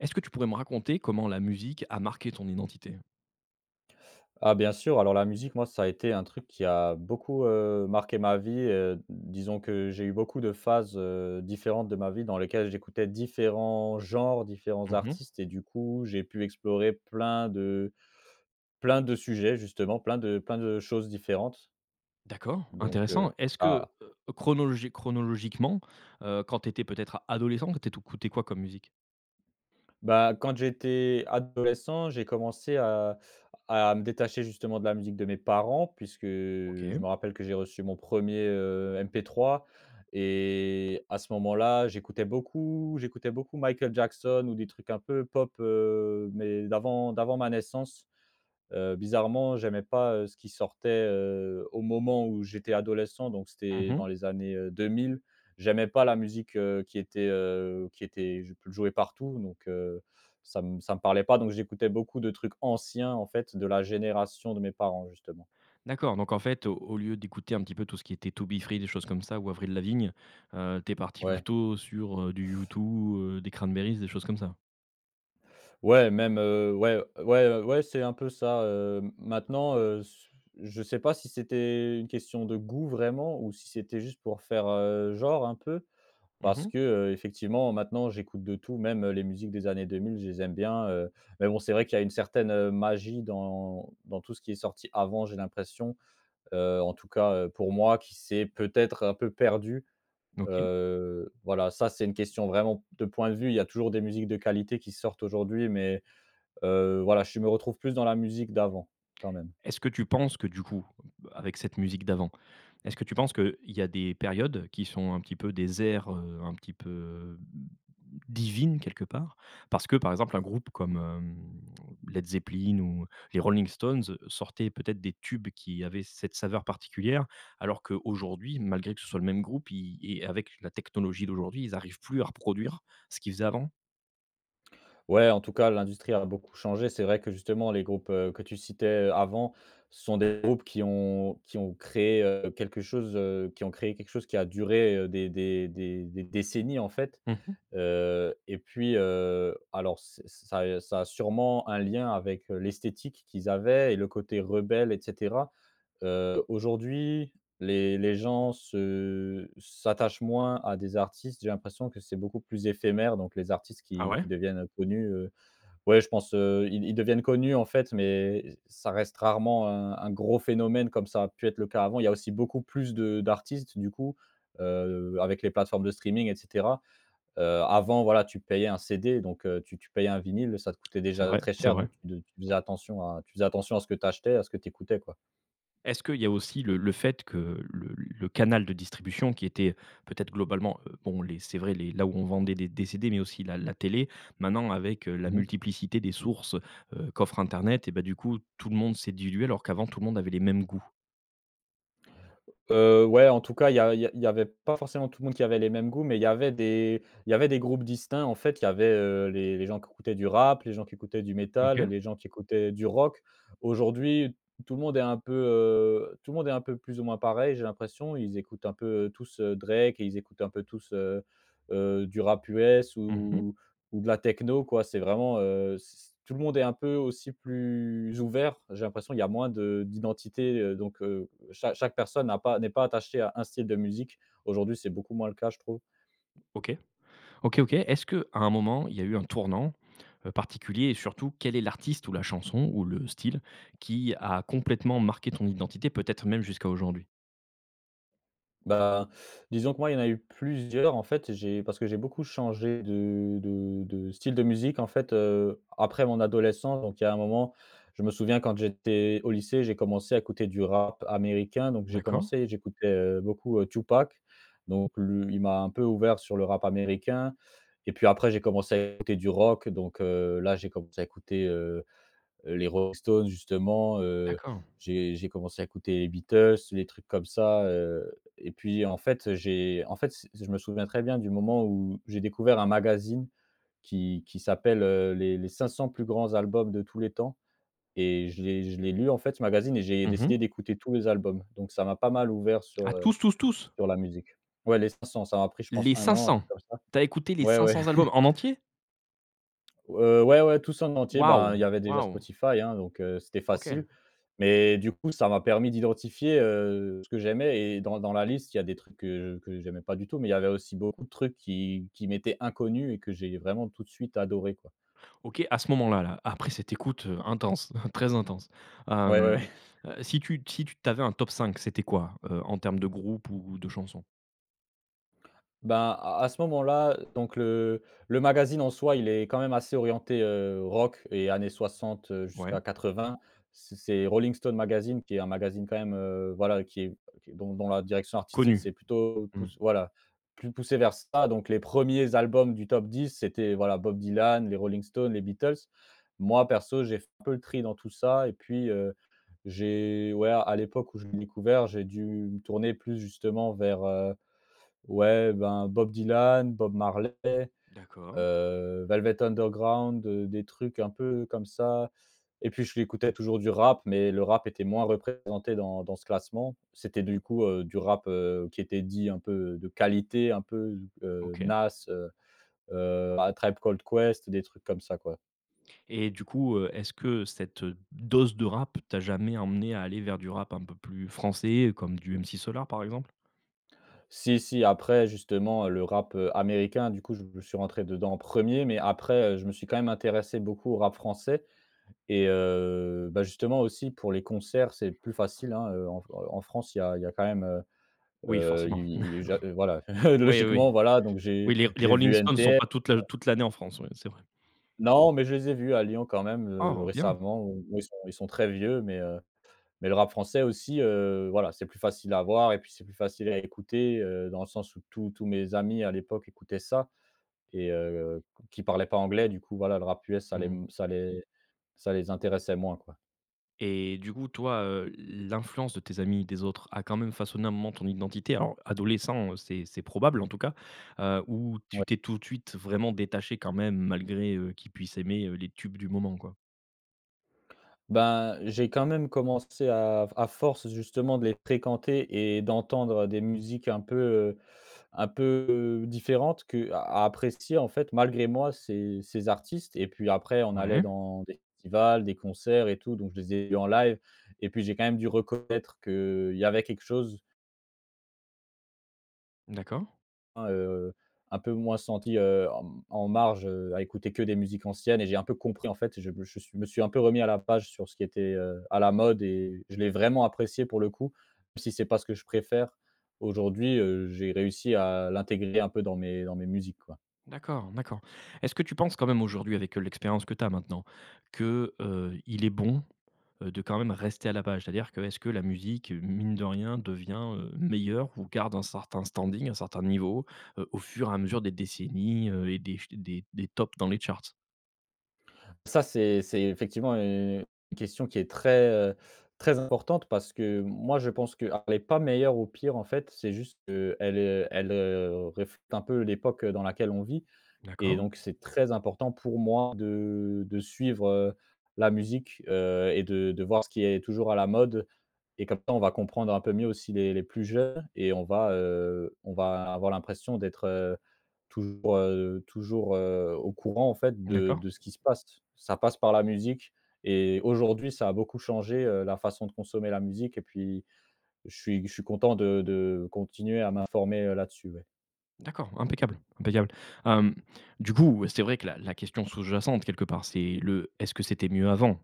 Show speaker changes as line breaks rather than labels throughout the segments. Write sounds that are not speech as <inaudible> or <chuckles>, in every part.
Est-ce que tu pourrais me raconter comment la musique a marqué ton identité?
Ah bien sûr, alors la musique moi ça a été un truc qui a beaucoup, heu, marqué ma vie, heu, disons que j'ai eu beaucoup de phases, heu, différentes de ma vie dans lesquelles, j'écoutais différents genres, différents
Mmh mh.
artistes et du coup j'ai pu explorer plein de plein de sujets justement, plein de plein de choses différentes.
D'accord.
Donc, heu,
Intéressant, est-ce que,
ça
heu, chronologi chronologiquement, heu, quand tu étais peut-être adolescent, t'éto t'écouter quoi comme musique?
Bah, quand j'étais adolescent, j'ai commencé à à me détacher justement de la musique de mes parents puisque, heu,
OK.
je me rappelle que j'ai reçu mon 1er, heu, MP3 et à ce moment-là j'écoutais beaucoup j'écoutais beaucoup Michael Jackson ou des trucs un peu pop, heu, mais d'avant, d'avant ma naissance. Heu, bizarrement j'aimais pas, heu, ce qui sortait, heu, au moment où j'étais adolescent donc c'était
Mmh
dans
mh.
les années, heu, deux mille. J'aimais pas la musique, heu, qui était, heu, qui était, jou jouée partout. Donc, heu, ça me ça me parlait pas, donc j'écoutais beaucoup de trucs anciens en fait, de la génération de mes parents justement.
D'accord, donc en fait, au au lieu d'écouter un petit peu tout ce qui était 2Be3, des choses comme ça, ou Avril Lavigne, heu, tu es parti
Ouais.
plutôt sur, heu, du U2, heu, des Cranberries, des choses comme ça?
Ouais, même, heu, ouais. Ouais, ouais c'est un peu ça, heu. Maintenant, heu, s je sais pas si c'était une question de goût vraiment ou si c'était juste pour faire, heu, genre un peu
Mmh
parce
mh.
que, heu, effectivement maintenant j'écoute de tout, même, heu, les musiques des années deux mille, je les aime bien, heu. Mais bon c'est vrai qu'il y a une certaine, heu, magie dans dans tout ce qui est sorti avant j'ai l'impression, heu, en tout cas, heu, pour moi qui s'est peut-être un peu perdue.
OK.
Heu, voilà ça c'est une question vraiment de point de vue, il y a toujours des musiques de qualité qui sortent aujourd'hui mais, heu, voilà je me retrouve plus dans la musique d'avant, quand même.
Est-ce que tu penses que du coup bah, avec cette musique d'avant, est-ce que tu penses qu'il y a des périodes qui sont un petit peu des ères, heu, un petit peu, heu, mmh, divines quelque part? Parce que par exemple un groupe comme, hem, Led Zeppelin ou les Rolling Stones, sortaient peut-être des tubes qui avaient cette saveur particulière, alors qu'aujourd'hui malgré que ce soit le même groupe, i i avec la technologie d'aujourd'hui ils arrivent plus à reproduire, ce qu'ils faisaient avant?
Ouais en tout cas l'industrie a beaucoup changé, c'est vrai que justement les groupes, heu, que tu citais, heu, avant sont des groupes qui ont qui ont créé, heu, quelque chose, heu, qui ont créé quelque chose qui a duré, heu, des des des des décennies en fait.
Mmh mh.
Heu, et puis, heu, alors c'est ça a ça a sûrement un lien avec, heu, l'esthétique qu'ils avaient et le côté rebelle et cetera. Heu, aujourd'hui, les les gens se s'attachent moins à des artistes. J'ai l'impression que c'est beaucoup plus éphémère, donc les artistes
Ah
qui
ouais?
qui deviennent, heu, connus, heu, ouais je pense, heu, ils ils deviennent connus en fait, mais ç ça reste rarement un un gros phénomène comme ça a pu être le cas avant. Il y a aussi beaucoup plus de d'artistes du coup, heu, avec les plateformes de streaming et cetera. Heu, avant voilà, tu payais un CD, donc, heu, tu tu payais un vinyle, ça te coûtait
C'est
déjà
vrai,
très
c'est
cher,
vrai.
donc de tu tu faisais attention à tu faisais attention à ce que tu achetais, à ce que tu écoutais quoi.
Est-ce qu'il y a aussi le le fait que le le canal de distribution, qui était, peut-être, globalement, heu, bon les c'est vrai les là où on vendait des des CD, mais aussi la la télé, maintenant avec, heu, la
Mmh mh.
multiplicité des sources, heu, qu'offre internet, et bah, du coup, tout le monde s'est dilué, alors qu'avant tout le monde avait les mêmes goûts?
Heu, ouais en tout cas, il y a il y a il y avait pas forcément tout le monde qui avait les mêmes goûts, mais il y avait des il y avait des groupes distincts. En fait, il y avait, heu, les les gens qui écoutaient du rap, les gens qui écoutaient du métal,
OK.
les gens qui écoutaient du rock. Aujourd'hui, tout le monde est un peu, heu, tout le monde est un peu plus ou moins pareil, j'ai l'impression. Ils écoutent un peu, heu, tous, heu, Drake et ils écoutent un peu tous, heu heu, du rap US
Mmh mh.
ou ou de la techno, quoi. C'est vraiment, heu, c tout le monde est un peu aussi plus ouvert, j'ai l'impression. Il y a moins de d'identités. Heu, donc, heu, cha chaque personne n'a pas n'est pas attachée à 1 style de musique. Aujourd'hui, c'est beaucoup moins le cas, je trouve.
OK. OK, OK. Est-ce qu'à un moment il y a eu un tournant, heu, particulier? Et surtout, quel est l'artiste ou la chanson ou le style qui a complètement marqué ton identité, peut-être même jusqu'à aujourd'hui?
Bah, disons que moi, il y en a eu plusieurs, en fait et j'ai parce que j'ai beaucoup changé de de de style de musique, en fait, heu, après mon adolescence. Donc, il y a un moment, je me souviens, quand j'étais au lycée, j'ai commencé à écouter du rap américain. Donc j'ai
D'accord.
commencé, j'écoutais, heu, beaucoup, heu, 2Pac. Donc lui, il m'a un peu ouvert sur le rap américain. Et puis après, j'ai commencé à écouter du rock. Donc, heu, là j'ai commencé à écouter, heu heu, les Rolling Stones, justement. Heu,
D'accord.
j'ai j'ai commencé à écouter les Beatles, les trucs comme ça. Heu, et puis, en fait, j'ai en fait c je me souviens très bien du moment où j'ai découvert un magazine qui qui s'appelle, heu, les les 500 plus grands albums de tous les temps. Et je l'ai je l'ai lu, en fait, ce magazine, et j'ai
Mmh
décidé
mh.
d'écouter tous les albums. Donc ça m'a pas mal ouvert sur,
Ah
heu,
tous, tous, tous?
sur la musique. Ouais, les 500 ça m'a pris, je pense,
Les
1 an. Un
500?
truc comme ça.
Tu as écouté les
Ouais, ouais.
500 albums,
<chuckles>
en entier?
Heu, ouais, ouais tout ça en entier. Ben, il y
Waouh,
avait déjà
waouh.
Spotify, hein, donc, heu, c'était facile.
OK.
Mais du coup, ça m'a permis d'identifier, heu, ce que j'aimais. Et dans dans la liste, il y a des trucs que je que j'aimais pas du tout, mais il y avait aussi beaucoup de trucs qui qui m'étaient inconnus et que j'ai vraiment tout de suite adoré, quoi.
OK. À ce moment-là, là, après cette écoute, heu, intense, <chuckles> très intense,
Ouais, ouais.
hem,
<chuckles>
heu, si tu si tu t'avais un top 5 c'était quoi, heu, en termes de groupe ou de chansons?
Ben, à à ce moment-là, heu, donc le le magazine en soi, il est quand même assez orienté, heu, rock et années 60, heu,
Ouais.
jusqu'à 80. C c'est Rolling Stone Magazine qui est un magazine quand même, heu, voilà, qui est, bon dans la direction artistique,
Connu?
c'est plutôt
Mmh.
pouss voilà, plus poussé vers ça. Donc les 1ers albums du top 10 c'était voilà: Bob Dylan, les Rolling Stones, les Beatles. Moi perso j'ai f peu le tri dans tout ça et puis, heu, j'ai ouais, à l'époque où je l'ai découvert, j'ai dû me tourner plus justement vers, heu, ouais, ben Bob Dylan, Bob Marley,
D'accord.
heu, Velvet Underground, heu, des trucs un peu comme ça. Et puis j'écoutais toujours du rap, mais le rap était moins représenté dans dans ce classement. C'était du coup, heu, du rap, heu, qui était dit, un peu de qualité, un peu, heu,
OK.
Nas, heu heu, A Tribe Called Quest. Des trucs comme ça, quoi.
Et du coup, heu, est-ce que cette, heu, dose de rap tu as jamais emmené à aller vers du rap un peu plus français, comme du MC Solaar, par exemple?
Si, si. Après, justement, le rap, heu, américain, du coup, je suis rentré dedans en 1er. Mais après, heu, je me suis quand même intéressé beaucoup au rap français. Et heu, bah justement aussi pour les concerts, c'est plus facile, hein. Heu, en f heu, en France, il y a il y a quand même, heu
Oui,
heu,
forcément.
il i i j'a heu, voilà,
<chuckles>
<chuckles> heu,
Oui, oui
logiquement, voilà. Donc j'ai
Oui, les r les
j'ai
Rolling
vu
Stones ne sont
NTM
pas toute l'a toute l'année en France, oui, c'est vrai.
Non, mais je les ai vus à Lyon quand même, heu,
Oh, bien.
récemment, où ils sont ils sont très vieux. Mais, heu, mais le rap français aussi, heu, voilà, c'est plus facile à voir et puis c'est plus facile à écouter, heu, dans le sens où tous tous mes amis, à l'époque, écoutaient ça et heu, qui parlaient pas anglais. Du coup, voilà, le rap US, ça les m
Mmh.
ça les ça les intéressait moins, quoi.
Et du coup, toi, heu, l l'influence de tes amis, des autres, a quand même façonné, un moment, ton identité? Alors adolescent, heu, c'est c'est probable, en tout cas. Heu, ou tu
Ouais.
t'es tout de suite vraiment détaché, quand même, malgré, heu, qu'ils puissent aimer, heu, les tubes du moment, quoi?
Bah, j'ai quand même commencé, à f à force justement de les fréquenter et d'entendre, heu, des musiques un peu, heu, un peu, différentes, que à à apprécier en fait malgré moi, ces ces artistes, et puis après, on allait
Ouais.
dans des festivals, des concerts et tout, donc je les ai vu en live et puis j'ai quand même dû reconnaître qu'il y avait quelque chose.
D'accord.
Un, heu, un peu moins senti, heu, en m en marge, heu, à écouter que des musiques anciennes, et j'ai un peu compris, en fait, je me je suis je me suis un peu remis à la page sur ce qui était, heu, à la mode, et je l'ai vraiment apprécié pour le coup, même si c'est pas ce que je préfère, aujourd'hui, heu, j'ai réussi à l'intégrer un peu dans mes dans mes musiques, quoi.
D'accord, d'accord. Est-ce que tu penses quand même aujourd'hui avec, heu, l'expérience que tu as maintenant, que, heu, il est bon, heu, de quand même rester à la page? C'est-à-dire, que est-ce que la musique, mine de rien, devient, heu, meilleure ou garde un certain standing, un certain niveau, heu, au fur et à mesure des décennies, heu, et des f des des tops dans les charts?
Ça, c'est c'est effectivement, heu, une question qui est très, heu, très importante, parce que moi, je pense qu'elle est pas meilleure ou pire en fait, c'est juste qu'elle, heu, elle, heu, réf te un peu l'époque dans laquelle on vit, et
D'accord.
donc c'est très important pour moi de de suivre, heu, la musique, heu, et de de voir ce qui est toujours à la mode, et comme ça, on va comprendre un peu mieux aussi les les plus jeunes, et on va, heu, on va a avoir l'impression d'être, heu, toujours, heu, toujours, heu, au courant en fait de
D'accord.
de ce qui se passe. Ça passe par la musique et aujourd'hui, ça a beaucoup changé, heu, la façon de consommer la musique, et puis, je suis je suis content de de continuer à m'informer, heu, là-dessus, ouais.
D'accord, impeccable, impeccable. Hem, du coup, c'est vrai que la la question sous-jacente, quelque part, c'est le: «Est-ce que c'était mieux avant?».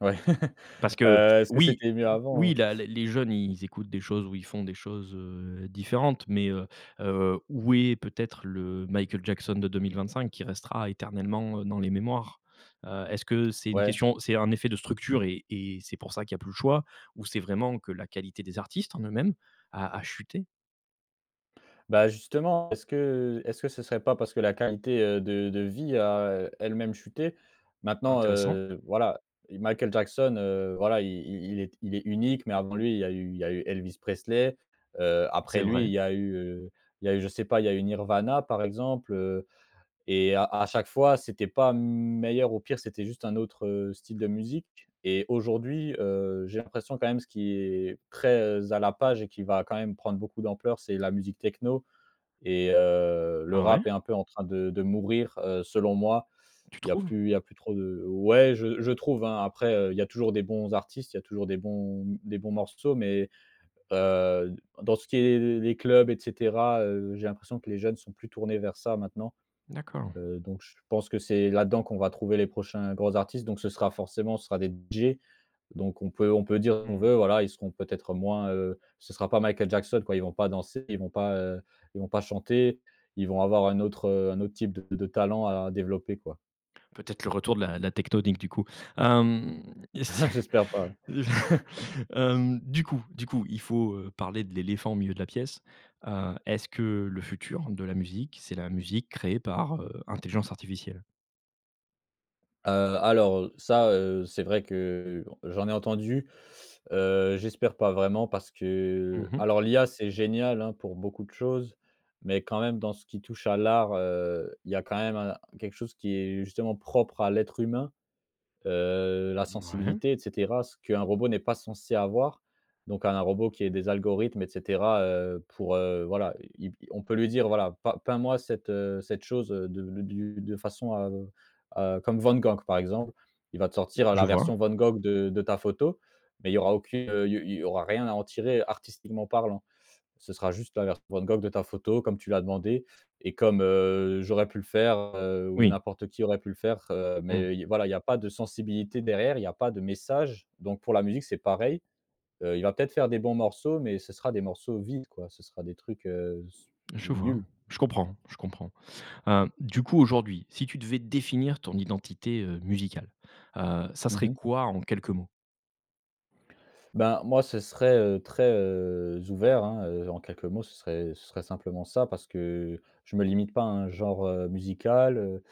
Ouais. <laughs>
Parce que
Heu, est-ce que
oui
c'était mieux avant,
oui
heu?
la les les jeunes, ils écoutent des choses où ils font des choses, heu, différentes, mais, heu, heu, où est peut-être le Michael Jackson de 2025 qui restera éternellement, heu, dans les mémoires? Heu, est-ce que c'est une
Ouais.
question, c'est un effet de structure, et et c'est pour ça qu'il y a plus le choix, ou c'est vraiment que la qualité des artistes en eux-mêmes à à chuté?
Bah, justement est-ce que est-ce que ce serait pas parce que la qualité, heu, de de vie a elle-même chuté? Maintenant,
Intéressant.
heu, voilà, Michael Jackson, heu, voilà, i i il est il est unique, mais avant lui il y a eu il y a eu Elvis Presley, heu. Après
C'est
lui
vrai.
il y a eu, heu, il y a eu je sais pas, il y a eu Nirvana par exemple, heu. Et à à chaque fois c'était pas meilleur ou pire. C'était juste un autre, heu, style de musique. Et aujourd'hui, heu, j'ai l'impression quand même, ce qui est très à la page et qui va quand même prendre beaucoup d'ampleur, c'est la musique techno. Et heu, le
Ah ouais?
rap est un peu en train de de mourir, heu, selon moi.
Tu
Il y a
trouves?
plus il y a plus trop de ouais, je je trouve, hein. Après, heu, il y a toujours des bons artistes, il y a toujours des bons des bons morceaux, mais, heu, dans ce qui est les les les clubs, et cetera, heu, j'ai l'impression que les jeunes sont plus tournés vers ça maintenant.
D'accord.
Heu, donc je pense que c'est là-dedans qu'on va trouver les prochains grands artistes. Donc ce sera forcément ce sera des DJ. Donc on peut on peut dire, qu'on
Mmh.
veut, voilà, ils seront peut-être moins, heu ce sera pas Michael Jackson quoi, ils vont pas danser ils vont pas, heu, ils vont pas chanter. Ils vont avoir un autre, heu, un autre type de de talent à développer quoi.
Peut-être le retour de la la Tecktonik du coup. Hem, et si
<chuckles> J'espère pas. <chuckles>
<chuckles> hem, du coup du coup. Il faut, heu, parler de l'éléphant au milieu de la pièce. Heu, est-ce que le futur de la musique, c'est la musique créée par, heu, intelligence artificielle?
Heu, alors, heu, ça, heu, c'est vrai que j'en ai entendu. Heu, j'espère pas, vraiment, parce
Mmh
que
mh.
alors l'IA c'est génial, hein, pour beaucoup de choses. Mais quand même dans ce qui touche à l'art, heu, il y a quand même un quelque chose qui est justement propre à l'être humain. Heu, la
Mouais.
sensibilité, et cetera. Ce qu'un robot n'est pas censé avoir. Donc un robot qui est des algorithmes, et cetera, heu, pour, heu, voilà, i il on peut lui dire, voilà: «P peins moi cette, heu, cette chose de du de façon à à comme Van Gogh, par exemple», il va te sortir
Je
la
vois.
version Van Gogh de de ta photo. Mais il y aura aucune, heu, il y au il y au, il y aura rien à en tirer artistiquement parlant. Ce sera juste la version Van Gogh de ta photo comme tu l'as demandé. Et comme, heu, j'aurais pu le faire, heu, ou
Oui.
n'importe qui aurait pu le faire. Heu,
Mmh.
mais, il voilà, il y a pas de sensibilité derrière, il y a pas de message. Donc pour la musique c'est pareil, heu, il va peut-être faire des bons morceaux mais ce sera des morceaux vides quoi ce sera des trucs, heu, s
Je vois.
nuls.
Je comprends, je comprends. Hem, du coup, aujourd'hui, si tu devais définir ton identité, heu, musicale, heu, ça
Mmh
serait
mh.
quoi en quelques mots?
Ben, moi ce serait, heu, très, heu, ouvert, hein, heu, en quelques mots ce serait ce serait simplement ça. Parce que je me limite pas à un genre, heu, musical, heu,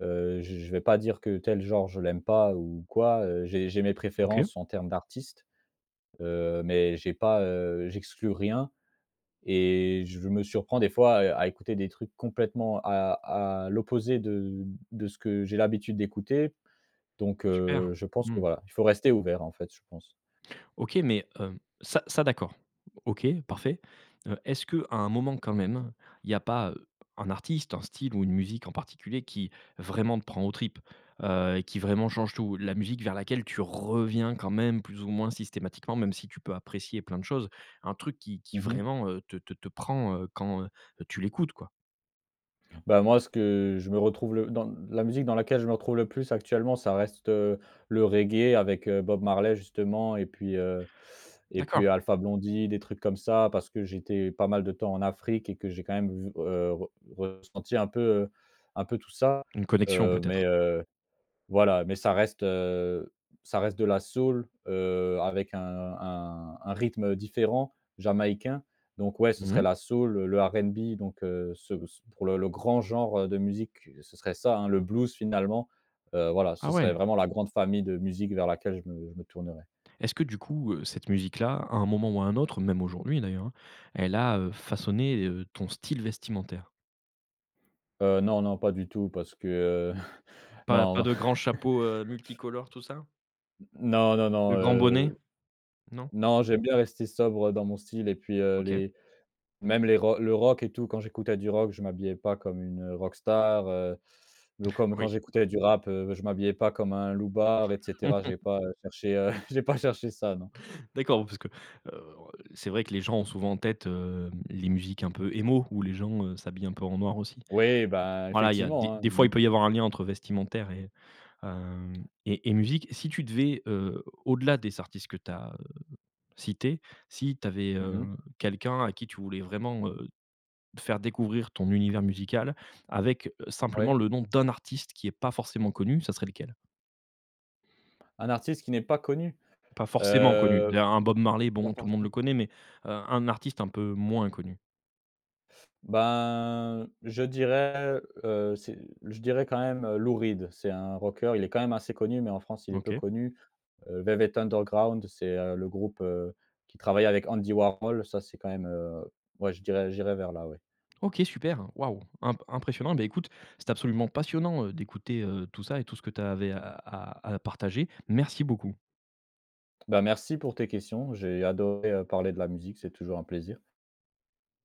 heu, j je vais pas dire que tel genre je l'aime pas ou quoi, heu. J'ai j'ai mes
OK.
préférences en termes d'artistes. Heu, mais j'ai pas, heu, j'exclus rien. Et je me surprends des fois à à écouter des trucs complètement à à l'opposé de de ce que j'ai l'habitude d'écouter. Donc,
Super.
heu, je pense que
Mmh.
voilà. Il faut rester ouvert en fait je pense.
OK, mais, hem, ça, ça d'accord. OK, parfait. Heu, est-ce qu'à un moment quand même, il y a pas, heu, un artiste, un style ou une musique en particulier qui, vraiment te prend aux tripes? Heu, et qui vraiment change tout. La musique vers laquelle tu reviens quand même plus ou moins systématiquement, même si tu peux apprécier plein de choses. Un truc qui qui
Mmh mh.
vraiment, heu, te te te prend, heu, quand, heu, tu l'écoutes quoi.
Bah, moi, ce que je me retrouve le dans la musique dans laquelle je me retrouve le plus actuellement, ça reste heu, le reggae avec heu, Bob Marley, justement. Et puis heu, et puis
D'accord.
Alpha Blondy, des trucs comme ça. Parce que j'étais pas mal de temps en Afrique et que j'ai quand même v heu, re ressenti un peu heu, un peu tout ça,
Une connection,
heu. Mais,
peut-être?
heu, voilà mais ça reste heu, ça reste de la soul heu, avec un un un rythme heu, différent, jamaïcain. Donc ouais, ce
Mmh
serait
mh.
la soul, le RNB. Donc heu, ce ce pour le le grand genre de musique, ce serait ça hein, le blues, finalement heu, voilà ce
Ah
serait
ouais.
vraiment la grande famille de musique vers laquelle je me je me tournerais.
Est-ce que, du coup heu, cette musique-là, à un moment ou à un autre- même aujourd'hui d'ailleurs, hein- elle a heu, façonné heu, ton style vestimentaire?
Heu, non, non pas du tout, parce que heu, <chuckles>
Pas pas
non.
de grands chapeaux heu,
<chuckles>
multicolores, tout ça?
N non, non, non,
De grands bonnets?
heu,
Non?
non. J'aime bien rester sobre dans mon style et puis heu,
OK.
les même les rocks le rock et tout quand j'écoutais du rock, je m'habillais pas comme une heu, rock star heu, ou
<chuckles>
comme quand
Oui.
j'écoutais du rap heu, je m'habillais pas comme un loubard, et cetera. J'ai
<laughs>
pas heu, cherché heu, j'ai pas cherché ça, non.
D'accord, oui, parce que heu, c'est vrai que les gens ont souvent en tête heu, les musiques un peu emo où les gens heu, s'habillent un peu en noir aussi.
Ouais, ben,
Voilà, il y a des
effectivement hein,
des fois il
mmh.
peut y avoir un lien entre vestimentaire et hem, et et musique. Si tu devais heu, au-delà des artistes que tu as heu, cités, si tu avais
Mmh
heu,
mh.
quelqu'un à qui tu voulais vraiment heu, faire découvrir ton univers musical avec simplement
Oui.
le nom d'un artiste qui est pas forcément connu, ça serait lequel?
Un artiste qui n'est pas connu?
Pas forcément connu.
Heu,.
Là un Bob Marley, bon, tout le monde le
<unintelligible>
connaît, mais heu, un artiste un peu moins connu.
Ben, je dirais, heu, c'est je dirais quand même heu, Lou Reed. C'est un rockeur, il est quand même assez connu, mais en France il est peu
OK.
connu. Heu, Velvet Underground c'est heu, le groupe heu, qui travaille avec Andy Warhol. Ça, c'est quand même heu ouais, je dirais j'irais vers là, ouais.
OK, super. Waouh, imp impressionnant. Bah écoute, c'est absolument passionnant heu, d'écouter heu, tout ça et tout ce que tu avais à à à partager. Merci beaucoup.
Bah, merci pour tes questions. J'ai adoré heu, parler de la musique, c'est toujours un plaisir.